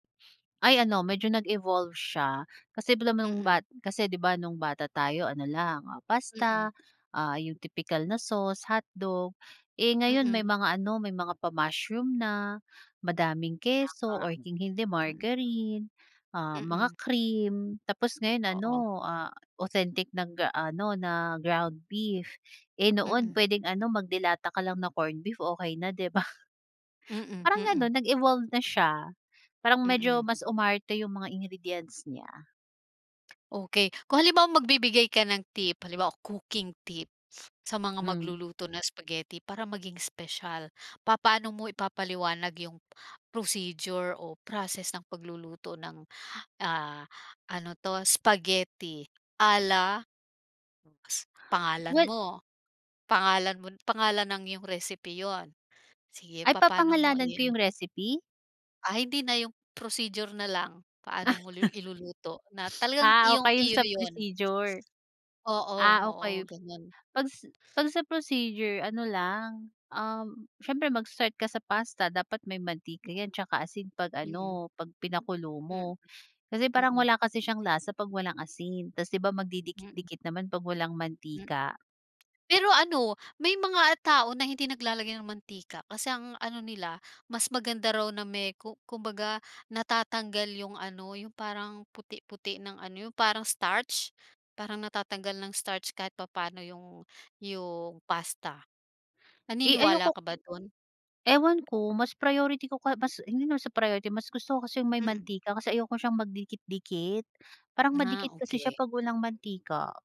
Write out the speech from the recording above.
Ay ano medyo nag-evolve siya, kasi nung Mm. ba kasi 'di ba nung bata tayo ano lang, ah, pasta, Mm. ah, 'yung tipikal na sauce, hotdog. Eh ngayon may Mm. mga ano may mga pa mushroom na, madaming keso, Tama. or kung hindi Mm. margarine, ah, mga Mm. cream. Tapos ngayon Oo. ano, ah, authentic ng gaano na ground beef. Eh noon Mm. puwedeng ano, mag de lata ka lang na corned beef, okey na, 'di ba. Mm, Parang mm. gano'n, nag-evolve na siya. Parang medyo Mm. mas umarte 'yung mga ingredients niya. Okey. Kung halimbawa magbibigay ka ng tip, halimbawa cooking tip, sa mga Hmm. magluluto ng spaghetti para maging espesyal. Papaano mo ipapaliwanag 'yung, procedure o process ng pagluluto ng, ah, ano 'to spaghetti, ala Pangalan Well mo, pangalan mo pangalan ng iyong recipe 'yun. Sige, Ay papaano mo papangalanan ko i-ano. 'yung recipe? Ah, hindi na 'yung, procedure na lang. Paano mo lu iluluto, na talagang Ah okey 'yung iyong-iyo sa na 'yun. procedure. Oo, Ah oo, okey. ganyan. Pag pag sa procedure ano lang, um, siyempre mag-start ka sa pasta, dapat may mantika 'yan 'tsaka asin, pag Mm. ano pag pinakulo Hmm, mo. Kasi parang mm. wala kasi siyang lasa pag walang asin, ta's 'di ba Mm. magdidikit-dikit naman pag walang Hmm. mantika. Pero ano, may mga tao na hindi naglalagay ng mantika, kasi ang ano nila, mas maganda raw na may, ku kumbaga natatanggal 'yung ano, 'yung parang puti-puti ng ano, 'yung parang starch. Parang natatanggal ng starch kahit papano, 'yung 'yung pasta, Eh naniniwala ayoko ka ba dun? Ewan ko, mas priority ko ka mas hindi naman sa priority, mas gusto ko kasi 'yung may Mm. mantika, kasi ayoko siyang magdikit-dikit. Parang Ah, madikit kasi siya okey. pag walang mantika.